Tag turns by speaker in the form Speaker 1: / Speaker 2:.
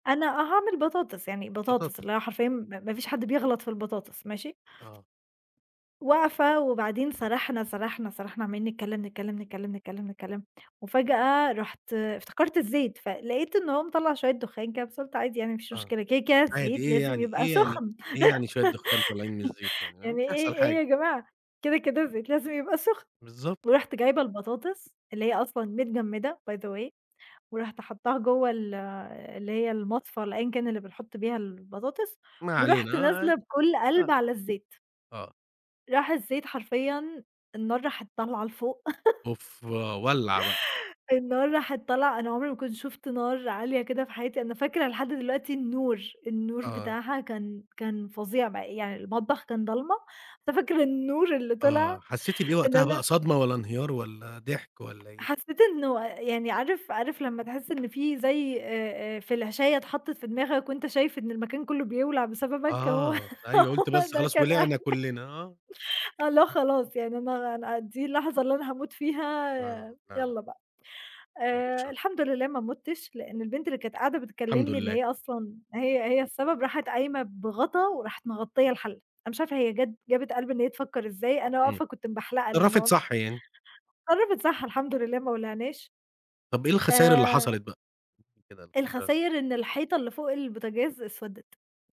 Speaker 1: أنا آه هاعمل بطاطس، يعني بطاطس
Speaker 2: بطاطس.
Speaker 1: اللي هي حرفيًا م ما فيش حد بيغلط في البطاطس، ماشي؟
Speaker 2: آه
Speaker 1: واقفة، وبعدين سرحنا، سرحنا، سرحنا، عمّالين نتكلم، نتكلم، نتكلم، نتكلم، نتكلم، وفجأة رُحت افتكرت الزيت، فلقيت إن هو مِطَلّع شوية دخان كده، بس قُلت عادي يعني مافيش
Speaker 2: آه،
Speaker 1: مشكلة، كده كده
Speaker 2: عادي
Speaker 1: الزيت
Speaker 2: إيه
Speaker 1: لازم
Speaker 2: يعني،
Speaker 1: يبقى
Speaker 2: إيه يعني،
Speaker 1: سخن.
Speaker 2: إيه يعني شوية دخان طالعين من الزيت يعني مش
Speaker 1: يعني إيه،
Speaker 2: هيحصل
Speaker 1: إيه
Speaker 2: حاجة.
Speaker 1: يا جماعة، كده كده الزيت لازم يبقى سخن،
Speaker 2: بالضبط.
Speaker 1: ورُحت جايبة البطاطس اللي هي أصلًا متجمدة by the way ورُحت حطاها جوه ال اللي هي المصفاة اللي أيًا كان اللي بنحط بيها البطاطس،
Speaker 2: ما
Speaker 1: ورُحت
Speaker 2: علينا آه،
Speaker 1: نازلة بكل
Speaker 2: ع
Speaker 1: قلب
Speaker 2: أ
Speaker 1: على الزيت.
Speaker 2: آه.
Speaker 1: راح الزيت حرفيًا النار راحت طالعة لفوق.
Speaker 2: أوف، ولّع بقى.
Speaker 1: النار راحت طالعة أنا عمري ما كنت شُفت نار عالية كده في حياتي، أنا فاكرة لحد دلوقتي النور، النور
Speaker 2: آه.
Speaker 1: بتاعها كان كان فظيع بقى يعني المطبخ كان ضلمة، ففاكرة النور اللي طلع
Speaker 2: آه، حسيتِ بإيه
Speaker 1: إن
Speaker 2: وقتها
Speaker 1: أنا
Speaker 2: بقى صدمة، والّا انهيار، والّا ضحك، والّا إيه؟
Speaker 1: حسيت إنه يعني عارف، عارف لما تحس إن في زي آآ، آآ، فلاشاية اتحطت في دماغك وأنت شايف إن المكان كله بيولع بسببك، هو
Speaker 2: آه، أيوه قلتِ
Speaker 1: هو
Speaker 2: بس
Speaker 1: ده
Speaker 2: خلاص
Speaker 1: كان إح
Speaker 2: ولعِنا كلنا، آه.
Speaker 1: آه اللي هو خلاص يعني أنا أنا دي اللحظة اللي أنا هاموت فيها،
Speaker 2: آه، فعلًا.
Speaker 1: يالّا بقى.
Speaker 2: بعد
Speaker 1: آآ،
Speaker 2: الشر.
Speaker 1: الحمد لله ما مُتْش، لأن البنت اللي كانت قاعدة
Speaker 2: الحمد
Speaker 1: بتكلمني اللي
Speaker 2: لله.
Speaker 1: هي أصلًا هي هي السبب راحِت قايمة بغطا وراحِت مغطية الحلة، أنا مش عارفة هي جات جابِت قلب إن هي تفكر إزاي، أنا
Speaker 2: إمم،
Speaker 1: واقفة كنت مبحلقة
Speaker 2: اتصرفِت
Speaker 1: للنار.
Speaker 2: صح يعني.
Speaker 1: اتصرفِت صح الحمد لله ما ولعناش
Speaker 2: طب إيه الخساير اللي
Speaker 1: آآ
Speaker 2: حصلت بقى؟ قولي لي كده الخساير
Speaker 1: الخساير إن الحيطة اللي فوق البوتجاز أسودِت.